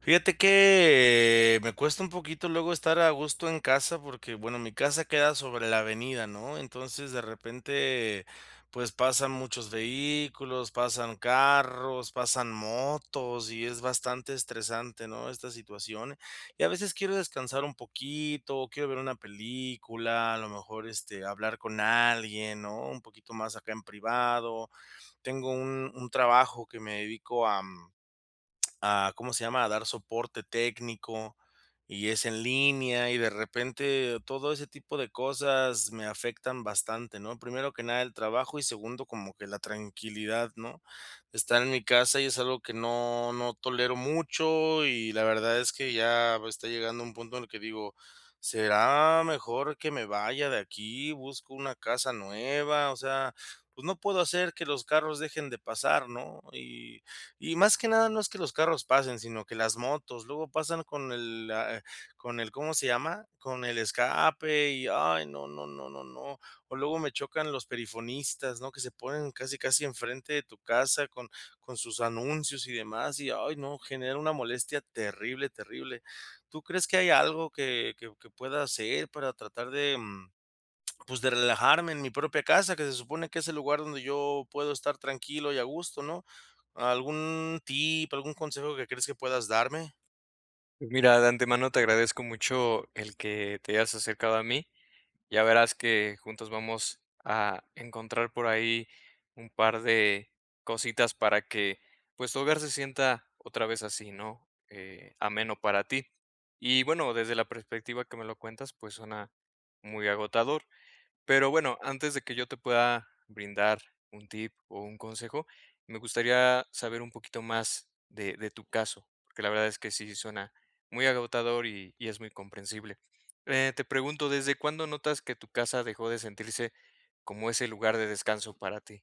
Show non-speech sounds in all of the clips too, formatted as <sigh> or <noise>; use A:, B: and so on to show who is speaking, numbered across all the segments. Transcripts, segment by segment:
A: Fíjate que, me cuesta un poquito luego estar a gusto en casa, porque, bueno, mi casa queda sobre la avenida, ¿no? Entonces, de repente, pues, pasan muchos vehículos, pasan carros, pasan motos y es bastante estresante, ¿no?, esta situación. Y a veces quiero descansar un poquito, quiero ver una película, a lo mejor, este, hablar con alguien, ¿no?, un poquito más acá en privado. Tengo un un trabajo que me dedico a <smacks lips> a, ¿cómo se llama?, a dar soporte técnico, y es en línea, y de repente todo ese tipo de cosas me afectan bastante, ¿no? Primero que nada, el trabajo y segundo, como que la tranquilidad, ¿no? Estar en mi casa y es algo que no no tolero mucho y la verdad es que ya está llegando un punto en el que digo: "¿Será mejor que me vaya de aquí?, busco una casa nueva". O sea, pues no puedo hacer que los carros dejen de pasar, ¿no? Y y más que nada no es que los carros pasen, sino que las motos, luego pasan con el la, eh, con el, ¿cómo se llama?, con el escape y ay, no, no, no, no, no. O luego me chocan los perifonistas, ¿no?, que se ponen casi, casi enfrente de tu casa con con sus anuncios y demás, y, ay no, genera una molestia terrible, terrible. ¿Tú crees que hay algo que que que pueda hacer para tratar de, mm, <smacks lips> pues de relajarme en mi propia casa?, que se supone que es el lugar donde yo puedo estar tranquilo y a gusto, ¿no? ¿Algún tip, algún consejo que crees que puedas darme?
B: Mira, de antemano te agradezco mucho el que te hayas acercado a mí. Ya verás que juntos vamos a encontrar por ahí un par de cositas para que, pues, tu hogar se sienta otra vez así, ¿no?, eh, ameno para ti. Y bueno, desde la perspectiva que me lo cuentas, pues suena muy agotador. Pero bueno, antes de que yo te pueda brindar un tip o un consejo, me gustaría saber un poquito más de de tu caso, porque la verdad es que sí suena muy agotador y y es muy comprensible, eh, te pregunto, ¿desde cuándo notas que tu casa dejó de sentirse como ese lugar de descanso para ti?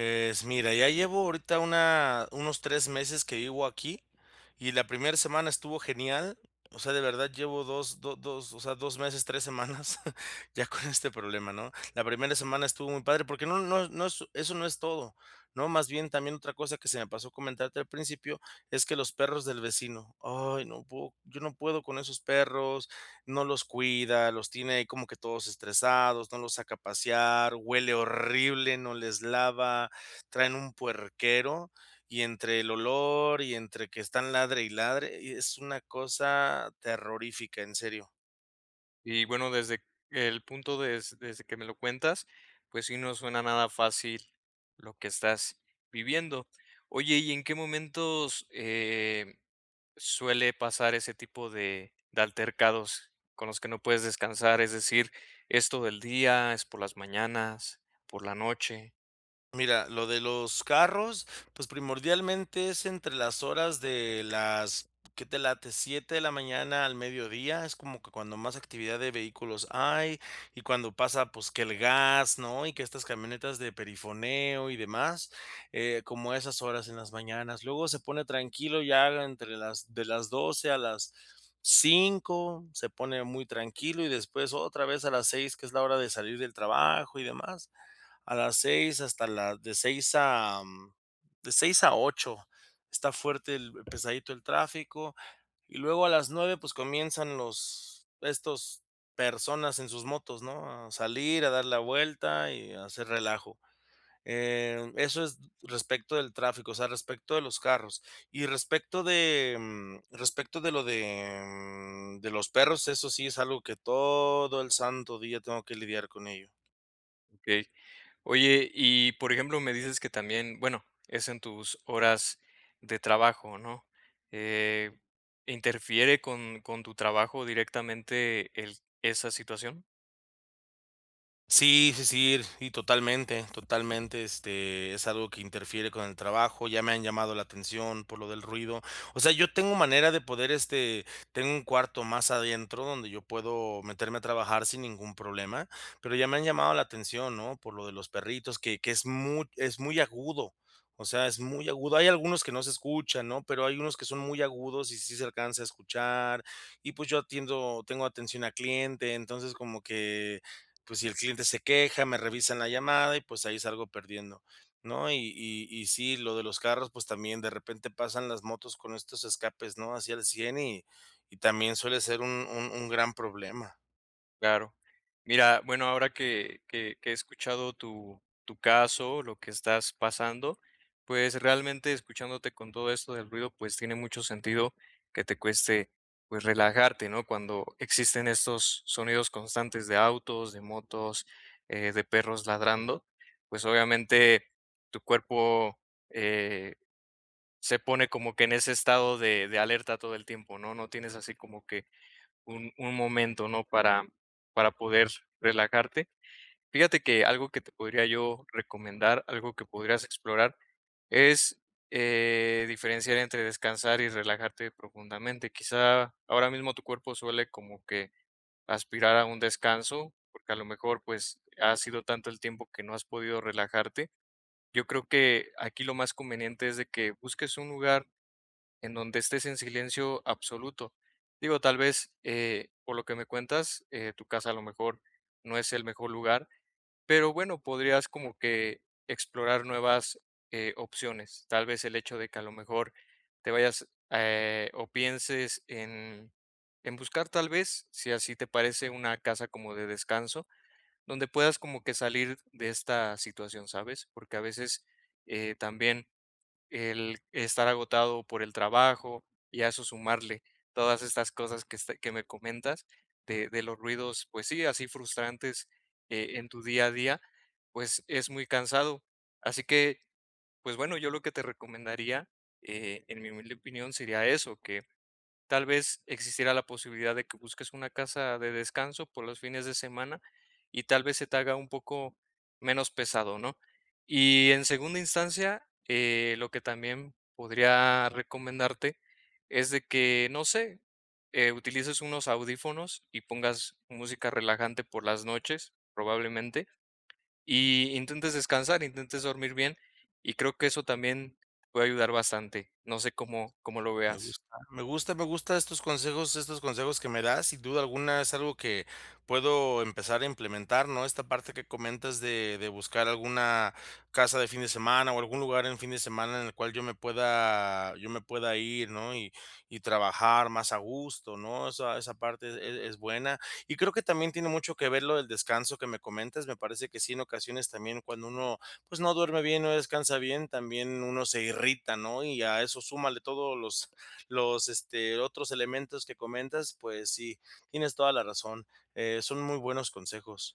A: Es mira, ya llevo ahorita una unos 3 meses que vivo aquí, y la primer semana estuvo genial. O sea, de verdad llevo dos do dos o sea, 2 meses, 3 semanas ya con este problema, ¿no? La primera semana estuvo muy padre, porque no no es no es eso no es todo, ¿no?, más bien también otra cosa que se me pasó comentarte al principio es que los perros del vecino, ay, no puedo, yo no puedo con esos perros, no los cuida, los tiene ahí como que todos estresados, no los saca a pasear, huele horrible, no les lava, traen un puerquero, y entre el olor y entre que están ladre y ladre, y es una cosa terrorífica, en serio.
B: Y bueno, desde el punto des desde que me lo cuentas, pues, sí, no suena nada fácil lo que estás viviendo. Oye, ¿y en qué momentos, eh, suele pasar ese tipo de de altercados con los que no puedes descansar? Es decir, ¿es todo el día, es por las mañanas, por la noche?
A: Mira, lo de los carros, pues, primordialmente, es entre las horas de las, ¿qué te late?, 7 de la mañana al mediodía. Es como que cuando más actividad de vehículos hay, y cuando pasa, pues, que el gas, ¿no? Y que estas camionetas de perifoneo y demás, eh, como a esas horas en las mañanas. Luego se pone tranquilo y ya la entre las de las 12 a las 5 se pone muy tranquilo, y después, otra vez a las 6 que es la hora de salir del trabajo y demás. A las 6 hasta la de 6 a de 6 a 8 está fuerte el, pesadito el tráfico. Y luego a las 9 pues comienzan los, estos, personas en sus motos, ¿no?, a salir, a dar la vuelta y a hacer relajo. Eh, eso es respecto del tráfico, o sea, respecto de los carros. Y respecto de, mm, respecto de lo de, mm, de los perros, eso sí es algo que todo el santo día tengo que lidiar con ello.
B: Okey, oye, y, por ejemplo, me dices que también, bueno, es, en tus horas de trabajo, ¿no?, eh, ¿interfiere con con tu trabajo directamente el esa situación?
A: Sí, sí, sí, y totalmente, totalmente, este, es algo que interfiere con el trabajo, ya me han llamado la atención por lo del ruido, o sea, yo tengo manera de poder, este, tengo un cuarto más adentro donde yo puedo meterme a trabajar sin ningún problema, pero ya me han llamado la atención, ¿no?, por lo de los perritos, que que es muy es muy agudo, o sea, es muy agudo, hay algunos que no se escuchan, ¿no?, pero hay unos que son muy agudos y sí se alcanza a escuchar, y, pues, yo atiendo tengo atención a cliente, entonces, como que, pues, si el cliente se queja, me revisan la llamada y, pues, ahí salgo perdiendo, ¿no?, y y y sí, lo de los carros, pues, también de repente pasan las motos con estos escapes, ¿no?, así al 100 y y también suele ser un un un gran problema.
B: Claro, mira, bueno, ahora que que que he escuchado tu tu caso, lo que estás pasando, pues, realmente escuchándote con todo esto del ruido, pues, tiene mucho sentido que te cueste, pues, relajarte, ¿no?, cuando existen estos sonidos constantes de autos, de motos, eh, de perros ladrando, pues, obviamente, tu cuerpo, eh, se pone como que en ese estado de de alerta todo el tiempo, ¿no?, no tienes así como que un un momento, ¿no?, para para poder relajarte, fíjate que algo que te podría yo recomendar, algo que podrías explorar, es, eh, diferenciar entre descansar y relajarte profundamente, quizá ahora mismo tu cuerpo suele como que aspirar a un descanso porque a lo mejor, pues, ha sido tanto el tiempo que no has podido relajarte, yo creo que aquí lo más conveniente es de que busques un lugar en donde estés en silencio absoluto, digo, tal vez, eh, por lo que me cuentas, eh, tu casa a lo mejor no es el mejor lugar, pero bueno, podrías como que explorar nuevas, eh, opciones, tal vez el hecho de que a lo mejor te vayas, eh, o pienses en en buscar, tal vez, si así te parece, una casa como de descanso, donde puedas como que salir de esta situación, ¿sabes?, porque a veces, eh, también el estar agotado por el trabajo y a eso sumarle todas estas cosas que este, que me comentas de de los ruidos, pues sí, así frustrantes, eh, en tu día a día, pues, es muy cansado. Así que, pues bueno, yo lo que te recomendaría, eh, en mi humilde opinión, sería eso, que tal vez existiera la posibilidad de que busques una casa de descanso por los fines de semana y tal vez se te haga un poco menos pesado, ¿no?, y en segunda instancia, eh, lo que también podría recomendarte es de que, no sé, eh, utilices unos audífonos y pongas música relajante por las noches, probablemente, y intentes descansar, intentes dormir bien, y creo que eso también puede ayudar bastante, no sé cómo cómo lo
A: Me
B: veas.
A: gusta, me gusta, me gusta estos consejos, estos consejos que me das, sin duda alguna, es algo que puedo empezar a implementar, ¿no?, esta parte que comentas de de buscar alguna casa de fin de semana o algún lugar en fin de semana en el cual yo me pueda, yo me pueda ir, ¿no?, y y trabajar más a gusto, ¿no?, esa esa parte, e e es buena, y creo que también tiene mucho que ver lo del descanso que me comentas, me parece que sí, en ocasiones también cuando uno, pues, no duerme bien, no descansa bien, también uno se irrita, ¿no?, y a eso súmale todos los los, este, otros elementos que comentas, pues sí, tienes toda la razón, eh, son muy buenos consejos.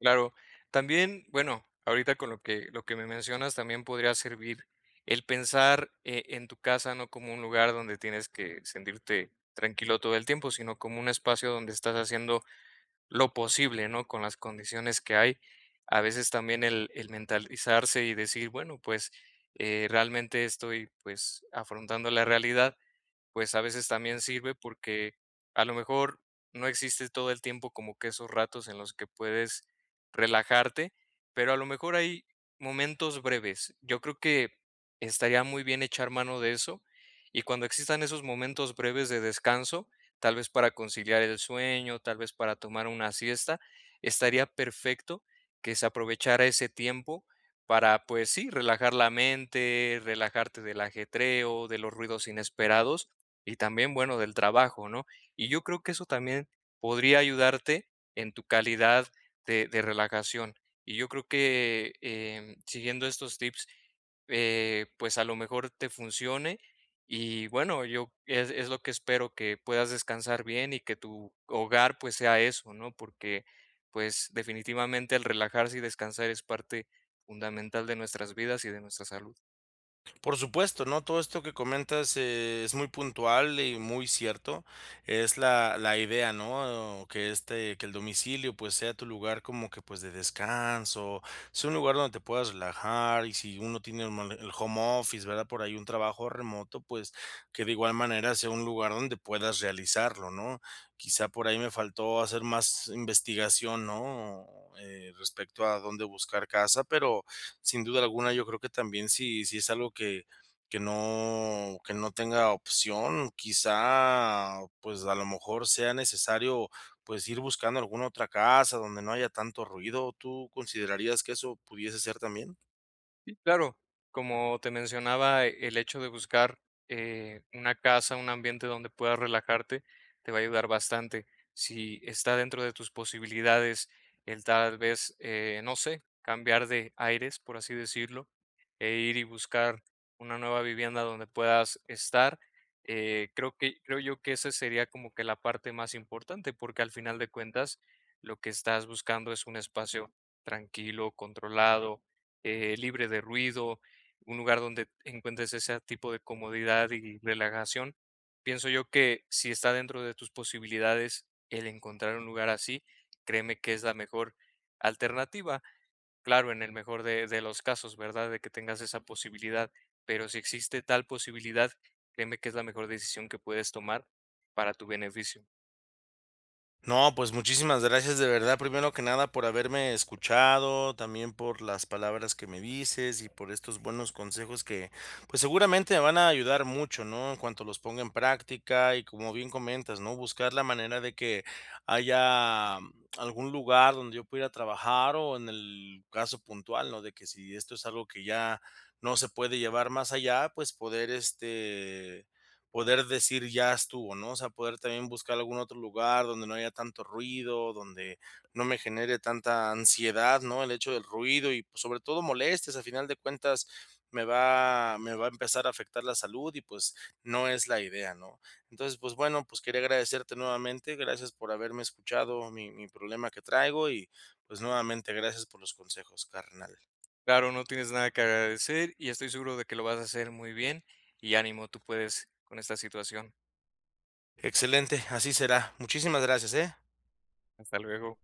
B: Claro, también, bueno, ahorita con lo que lo que me mencionas, también podría servir el pensar, eh, en tu casa, no como un lugar donde tienes que sentirte tranquilo todo el tiempo, sino como un espacio donde estás haciendo lo posible, ¿no?, con las condiciones que hay, a veces también el el mentalizarse y decir, bueno, pues, eh, realmente estoy, pues afrontando la realidad, pues, a veces también sirve porque, a lo mejor, no existe todo el tiempo como que esos ratos en los que puedes relajarte, pero a lo mejor hay momentos breves, yo creo que, estaría muy bien echar mano de eso, y cuando existan esos momentos breves de descanso, tal vez para conciliar el sueño, tal vez para tomar una siesta, estaría perfecto que se aprovechara ese tiempo para, pues sí, relajar la mente, relajarte del ajetreo, de los ruidos inesperados y también, bueno, del trabajo, ¿no?, y yo creo que eso también podría ayudarte en tu calidad de de relajación, y yo creo que, eh, siguiendo estos tips, eh, pues, a lo mejor te funcione y, bueno, yo es es lo que espero que puedas descansar bien y que tu hogar, pues sea eso, ¿no?, porque, pues, definitivamente el relajarse y descansar es parte fundamental de nuestras vidas y de nuestra <groans> salud.
A: Por supuesto, ¿no?, todo esto que comentas, eh, es muy puntual y muy cierto, es la la idea, ¿no?, que este, que el domicilio, pues, sea tu lugar como que, pues, de descanso, sea un lugar donde te puedas relajar, y si uno tiene un mo el home office, ¿verdad?, por ahí un trabajo remoto, pues, que de igual manera sea un lugar donde puedas realizarlo, ¿no?, quizá por ahí me faltó hacer más investigación, ¿no?, eh, respecto a dónde buscar casa, pero sin duda alguna yo creo que también si si es algo que que no que no tenga opción, quizá, pues, a lo mejor sea necesario, pues, ir buscando alguna otra casa donde no haya tanto ruido, ¿tú considerarías que eso pudiese ser también?
B: Sí, claro, como te mencionaba, el hecho de buscar, eh, una casa, un ambiente donde puedas relajarte, te va a ayudar bastante, si está dentro de tus posibilidades el tal vez, eh, no sé, cambiar de aires, por así decirlo, e ir y buscar una nueva vivienda donde puedas estar, eh, creo que creo yo que, esa sería como que la parte más importante, porque al final de cuentas lo que estás buscando es un espacio tranquilo, controlado, eh, libre de ruido, un lugar donde encuentres ese tipo de comodidad y relajación, pienso yo que si está dentro de tus posibilidades el encontrar un lugar así, créeme que es la mejor alternativa, claro, en el mejor de de los casos, ¿verdad?, de que tengas esa posibilidad, pero si existe tal posibilidad, créeme que es la mejor decisión que puedes tomar para tu beneficio.
A: No, pues, muchísimas gracias, de verdad, primero que nada, por haberme escuchado, también por las palabras que me dices y por estos buenos consejos que, pues, seguramente, me van a ayudar mucho, ¿no?, en cuanto los ponga en práctica. Y como bien comentas, ¿no?, buscar la manera de que haya algún lugar donde yo pueda ir a trabajar, o en el caso puntual, ¿no?, de que si esto es algo que ya no se puede llevar más allá, pues, poder, este, poder decir ya estuvo, ¿no?, o sea, poder también buscar algún otro lugar donde no haya tanto ruido, donde no me genere tanta ansiedad, ¿no?, el hecho del ruido y, pues, sobre todo, molestias. A final de cuentas, me va me va a empezar a afectar la salud y, pues, no es la idea, ¿no? Entonces, pues, bueno, pues, quería agradecerte nuevamente. Gracias por haberme escuchado mi mi problema que traigo y, pues, nuevamente, gracias por los consejos, carnal.
B: Claro, no tienes nada que agradecer, y estoy seguro de que lo vas a hacer muy bien. Y ánimo, tú puedes con esta situación.
A: Excelente, así será. Muchísimas gracias, ¿eh?
B: Hasta luego.